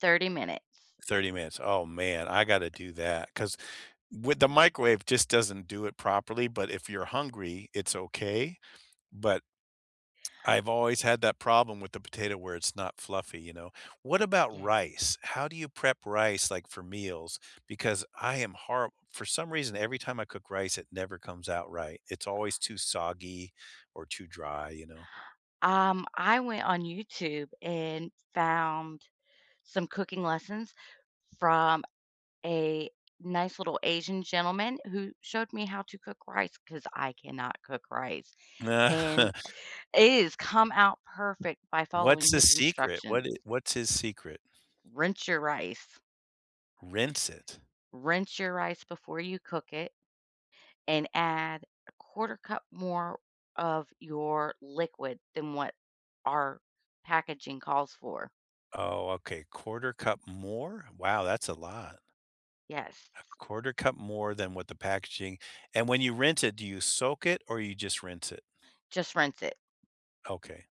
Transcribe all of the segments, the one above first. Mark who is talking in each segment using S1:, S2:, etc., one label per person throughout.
S1: 30 minutes.
S2: 30 minutes. Oh, man, I gotta do that 'cause, with the microwave, it just doesn't do it properly, but if you're hungry, it's okay. But I've always had that problem with the potato, where it's not fluffy, you know? What about
S1: Yeah.
S2: rice? How do you prep rice, like, for meals? Because I am horri for some reason, every time I cook rice, it never comes out right. It's always too soggy or too dry, you know?
S1: Um, I went on YouTube and found some cooking lessons from a nice little Asian gentleman who showed me how to cook rice 'cause I cannot cook rice, and it has come out perfect by following
S2: What's the
S1: his
S2: secret? What
S1: instructions.
S2: I what's his secret?
S1: Rinse your rice.
S2: Rinse it?
S1: Rinse your rice before you cook it, and add 1/4 cup more of your liquid than what our packaging calls for.
S2: Oh, okay. 1/4 cup more? Wow, that's a lot.
S1: Yes.
S2: A 1/4 cup more than what the packaging and when you rinse it, do you soak it or you just rinse it?
S1: Just rinse it.
S2: Okay.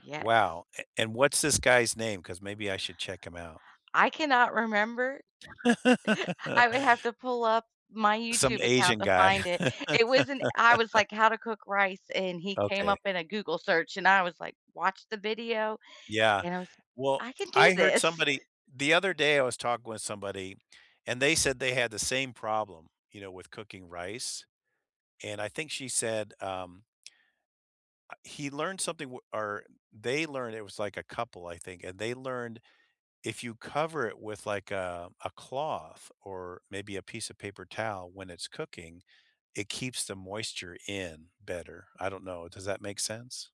S1: Yes.
S2: Wow, a and, what's this guy's name? 'Cause maybe I should check him out.
S1: I cannot remember. I would have to pull up my
S2: Some
S1: YouTube account
S2: Asian
S1: to
S2: guy.
S1: find it. It wasn't I was, like, "How to cook rice." And he came
S2: Okay.
S1: up in a Google search, and I was, like, "Watch the video."
S2: Yeah.
S1: And I was
S2: Well,
S1: "I can do
S2: I heard
S1: this."
S2: somebody the other day I was talking with somebody and they said they had the same problem, you know, with cooking rice, and I think she said, um uh, he learned something w or they learned it was, like, a couple, I think, and they learned if you cover it with, like, a a cloth or maybe a piece of paper towel when it's cooking, it keeps the moisture in better. I don't know, does that make sense?